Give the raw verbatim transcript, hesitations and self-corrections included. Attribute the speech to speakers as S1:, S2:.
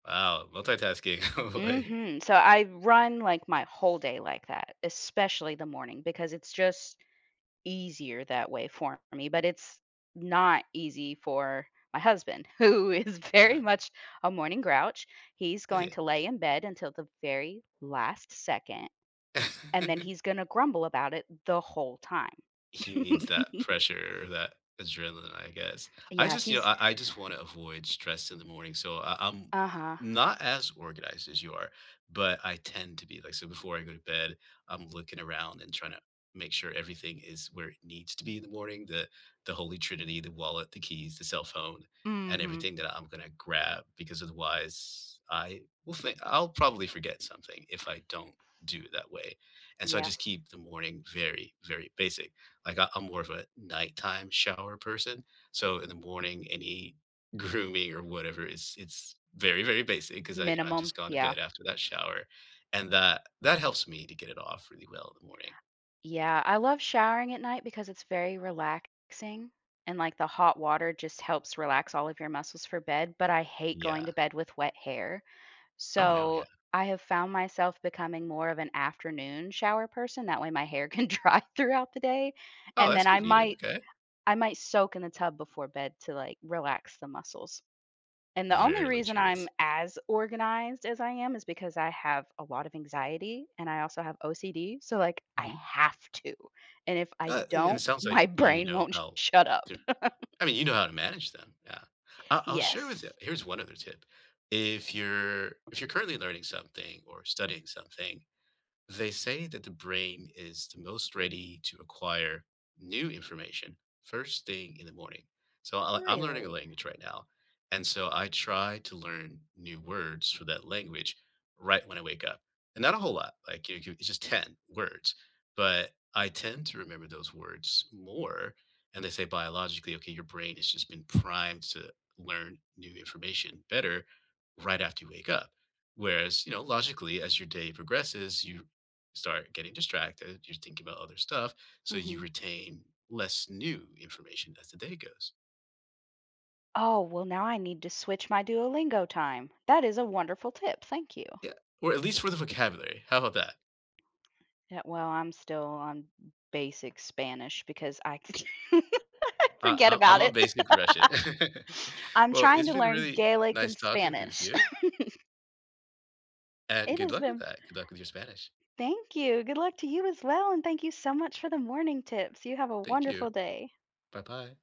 S1: Wow, multitasking, no way.
S2: Mhm, so, I run, like, my whole day like that, especially the morning because it's just easier that way for me, but it's not easy for my husband who is very
S1: Uh-huh
S2: much a morning grouch, he's
S1: Is
S2: going
S1: he?
S2: to lay in bed until the very last second, and then he's gonna grumble about it the whole time.
S1: He needs that pressure, that adrenaline, I guess, I
S2: Yeah,
S1: just, you know,
S2: he's
S1: I I just wanna avoid stress in the morning, so, I I'm
S2: Uh-huh.
S1: not as organized as you are, but I tend to be like, so before I go to bed, I'm looking around and tryna make sure everything is where it needs to be in the morning, that the holy trinity, the wallet, the keys, the cell phone, and
S2: Mhm.
S1: everything that I'm gonna grab because otherwise, I will think I'll probably forget something if I don't do it that way. And so, I
S2: Yes.
S1: just keep the morning very, very basic, like I I'm more of a nighttime shower person, so in the morning, any grooming or whatever it's it's very, very basic, cause I you know, I've
S2: Minimum,
S1: just gone to
S2: yeah.
S1: bed after that shower, and that, that helps me to get it off really well in the morning.
S2: Yeah, I love showering at night because it's very relaxing and, like, the hot water just helps relax all of your muscles for bed, but I hate going
S1: Yeah.
S2: to bed with wet hair,
S1: Oh no, yeah.
S2: so I have found myself becoming more of an afternoon shower person. That way my hair can dry throughout the day
S1: Oh,
S2: and then
S1: that's
S2: I
S1: convenient,
S2: might
S1: okay.
S2: I might soak in the tub before bed to, like, relax the muscles. And the only
S1: Very
S2: reason I'm
S1: luxurious.
S2: as organized as I am is because I have a lot of anxiety and I also have OCD, so, like, I
S1: Mhm.
S2: have to, and if I
S1: Uh, and
S2: don't,
S1: it sounds
S2: my
S1: like you
S2: brain
S1: know
S2: won't
S1: how
S2: shut up.
S1: to, I mean, you know how to manage them, yeah. I'll I'll
S2: Yes.
S1: share with ya, here's one other tip, if you're, if you're currently learning something or studying something, they say that the brain is the most ready to acquire new information first thing in the morning. So, I'll I'm learning a
S2: Really?
S1: language right now, and so I try to learn new words for that language right when I wake up, and not a whole lot, like, i cu it's just ten words, but I tend to remember those words more, and they say biologically, okay, your brain has just been primed to learn new information better right after you wake up, whereas, you know, logically, as your day progresses, you start getting distracted, you're thinking about other stuff, so you
S2: Mhm.
S1: retain less new information as the day goes.
S2: Oh, well, now I need to switch my Duolingo time, that is a wonderful tip, thank you.
S1: Yeah, or at least for the vocabulary how about that?
S2: Yeah, well, I'm still on basic Spanish because I
S1: I
S2: forget
S1: I I'm
S2: about
S1: a
S2: it.
S1: basic Russian.
S2: I'm
S1: Well,
S2: trying
S1: it's
S2: to
S1: been
S2: learn
S1: really
S2: Gaelic
S1: nice
S2: and
S1: talking with
S2: Spanish.
S1: you. And
S2: It
S1: good
S2: has
S1: luck with
S2: been
S1: that. Good luck with your Spanish.
S2: Thank you, good luck to you as well, and thank you so much for the morning tips you have a
S1: Thank you.
S2: wonderful day.
S1: Bye-bye.